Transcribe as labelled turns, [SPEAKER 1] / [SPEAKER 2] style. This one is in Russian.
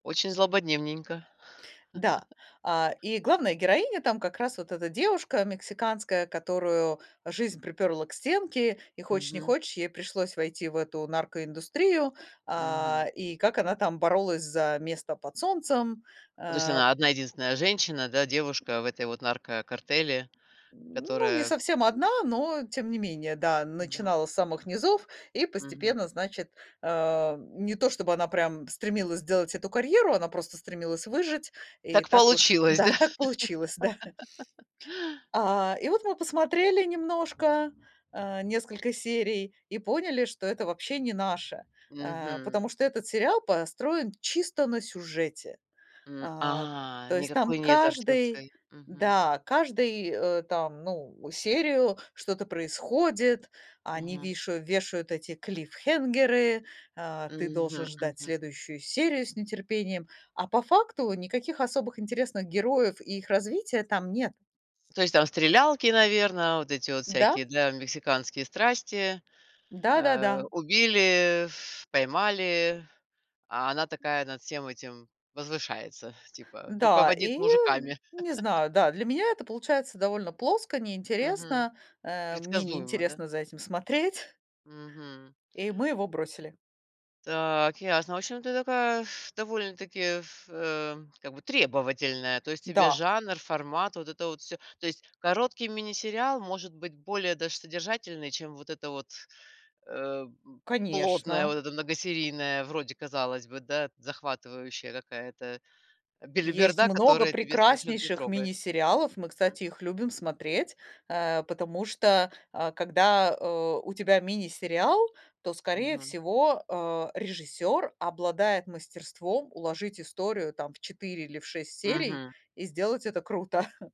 [SPEAKER 1] Очень злободневненько.
[SPEAKER 2] Да. А, и главная героиня там как раз вот эта девушка мексиканская, которую жизнь припёрла к стенке, и, хочешь не
[SPEAKER 1] Мгм.
[SPEAKER 2] хочешь, ей пришлось войти в эту наркоиндустрию.
[SPEAKER 1] Мгм.
[SPEAKER 2] А, и как она там боролась за место под солнцем,
[SPEAKER 1] Ну, то есть
[SPEAKER 2] э
[SPEAKER 1] она одна-единственная женщина, да, девушка в этой вот наркокартеле,
[SPEAKER 2] Ну, не
[SPEAKER 1] которая [unintelligible]
[SPEAKER 2] совсем одна, но тем не менее. Да,
[SPEAKER 1] Мгм.
[SPEAKER 2] начинала с самых низов и
[SPEAKER 1] Мгм.
[SPEAKER 2] постепенно, значит, э, не то чтобы она прям стремилась сделать эту карьеру, она просто стремилась выжить. И
[SPEAKER 1] Так
[SPEAKER 2] так уж
[SPEAKER 1] получилось, да.
[SPEAKER 2] да, так получилось, да. А, и вот мы посмотрели немножко, э, несколько серий и поняли, что это вообще не наше, э, потому
[SPEAKER 1] Мгм.
[SPEAKER 2] что этот сериал построен чисто на сюжете.
[SPEAKER 1] М,
[SPEAKER 2] А,
[SPEAKER 1] а,
[SPEAKER 2] то есть
[SPEAKER 1] никакой
[SPEAKER 2] там
[SPEAKER 1] нет
[SPEAKER 2] каждый,
[SPEAKER 1] актёрской, мгм.
[SPEAKER 2] да, каждый, э, там, ну, серию что-то происходит, они
[SPEAKER 1] Мгм.
[SPEAKER 2] вишаю вешают эти клиффхэнгеры, э, ты должен
[SPEAKER 1] Мгм,
[SPEAKER 2] ждать
[SPEAKER 1] мгм.
[SPEAKER 2] следующую серию с нетерпением, а по факту никаких особых интересных героев и их развития там нет.
[SPEAKER 1] То есть там стрелялки, наверное, вот эти вот
[SPEAKER 2] Да.
[SPEAKER 1] всякие для мексиканские страсти. Э,
[SPEAKER 2] Да-да-да.
[SPEAKER 1] убили, ф поймали, а она такая над всем этим возвышается, типа,
[SPEAKER 2] Да,
[SPEAKER 1] руководит
[SPEAKER 2] и
[SPEAKER 1] мужиками.
[SPEAKER 2] не знаю, да, для меня это получается довольно плоско,
[SPEAKER 1] Мгм.
[SPEAKER 2] неинтересно. Э, мне
[SPEAKER 1] Предсказуемо, да?
[SPEAKER 2] неинтересно за этим смотреть.
[SPEAKER 1] Мгм.
[SPEAKER 2] И мы его бросили.
[SPEAKER 1] Так, ясно. В общем, ты такая, пф, довольно-таки, пф, эм, как бы, требовательная. То есть тебе
[SPEAKER 2] Да.
[SPEAKER 1] жанр, формат- вот это вот всё. То есть короткий мини-сериал может быть более даже содержательный, чем вот эта вот, э, п плотная,
[SPEAKER 2] Конечно.
[SPEAKER 1] вот эта многосерийная, вроде, казалось бы, да, захватывающая какая-то, э,
[SPEAKER 2] Есть
[SPEAKER 1] белиберда,
[SPEAKER 2] много
[SPEAKER 1] которая тебя совершенно не
[SPEAKER 2] прекраснейших
[SPEAKER 1] трогает.
[SPEAKER 2] мини-сериалов, мы,
[SPEAKER 1] М.
[SPEAKER 2] кстати, их любим смотреть, э, потому что, а, когда, э, у тебя мини-сериал, то, скорее
[SPEAKER 1] Мгм.
[SPEAKER 2] всего, э, режиссёр обладает мастерством уложить историю там в 4 или в 6 серий
[SPEAKER 1] Мгм.
[SPEAKER 2] и сделать это круто.